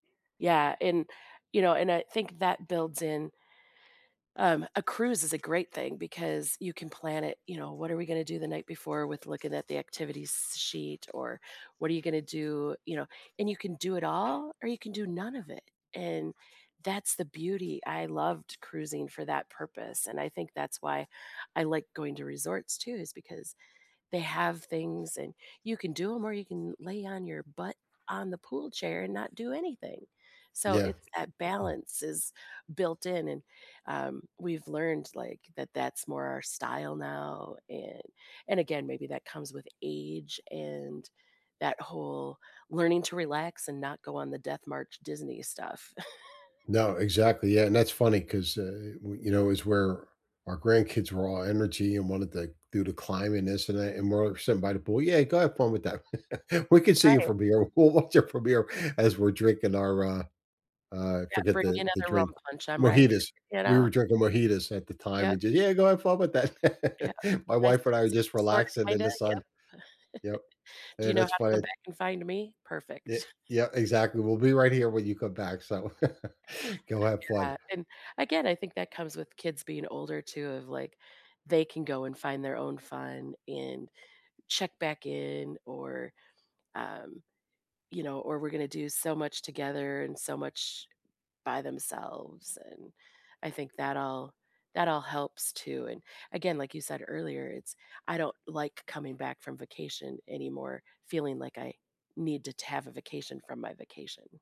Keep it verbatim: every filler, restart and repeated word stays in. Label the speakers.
Speaker 1: Yeah, and, you know, and I think that builds in Um, a cruise is a great thing because you can plan it, you know, what are we gonna do the night before with looking at the activities sheet, or what are you gonna do, you know and you can do it all, or you can do none of it, and that's the beauty. I loved cruising for that purpose, and I think that's why I like going to resorts, too, is because they have things, and you can do 'em, or you can lay on your butt on the pool chair and not do anything, so,
Speaker 2: Yeah,
Speaker 1: it's that
Speaker 2: mm.
Speaker 1: balance is built in and, um, we've learned, like, that that's more our style now, and and again, maybe that comes with age, and that whole learning to relax and not go on the death march Disney stuff.
Speaker 2: No, exactly, yeah, and that's funny 'cause, uh, we you know, is where our grandkids were all energy and wanted, like, do the climbin this and that, and we're all sitting by the pool, "Yeah, go have fun with that." "We can see you
Speaker 1: Right.
Speaker 2: from here, we'll watch you from here as we're drinking our, uh uh,
Speaker 1: "Yeah,
Speaker 2: forget
Speaker 1: bring me
Speaker 2: the the
Speaker 1: another rum
Speaker 2: drink,
Speaker 1: punch, I'm right
Speaker 2: mojitas.
Speaker 1: here," you
Speaker 2: We were
Speaker 1: know.
Speaker 2: drinking mojitas at the time
Speaker 1: Yep.
Speaker 2: and ju "Yeah, go have fun with that."
Speaker 1: Yep. "Can
Speaker 2: My
Speaker 1: I
Speaker 2: wife
Speaker 1: still
Speaker 2: and I were
Speaker 1: see you
Speaker 2: just
Speaker 1: sorta,
Speaker 2: relaxing in
Speaker 1: kinda,
Speaker 2: the
Speaker 1: yep."
Speaker 2: sun, yep,
Speaker 1: "Do
Speaker 2: hey,
Speaker 1: you know
Speaker 2: that's
Speaker 1: how to
Speaker 2: funny
Speaker 1: come back and find me? Perfect."
Speaker 2: Eh yeah, exactly. "We'll be right here when you come back, so, go have fun."
Speaker 1: Yeah, and, again, I think that comes with kids being older, too, of, like, they can go and find their own fun and check back in, or, um, you know, or we're gonna do so much together, and so much by themselves and, I think that all that all helps, too, and, again, like you said earlier, it's I don't like coming back from vacation anymore feeling, like, I need to to have a vacation from my vacation.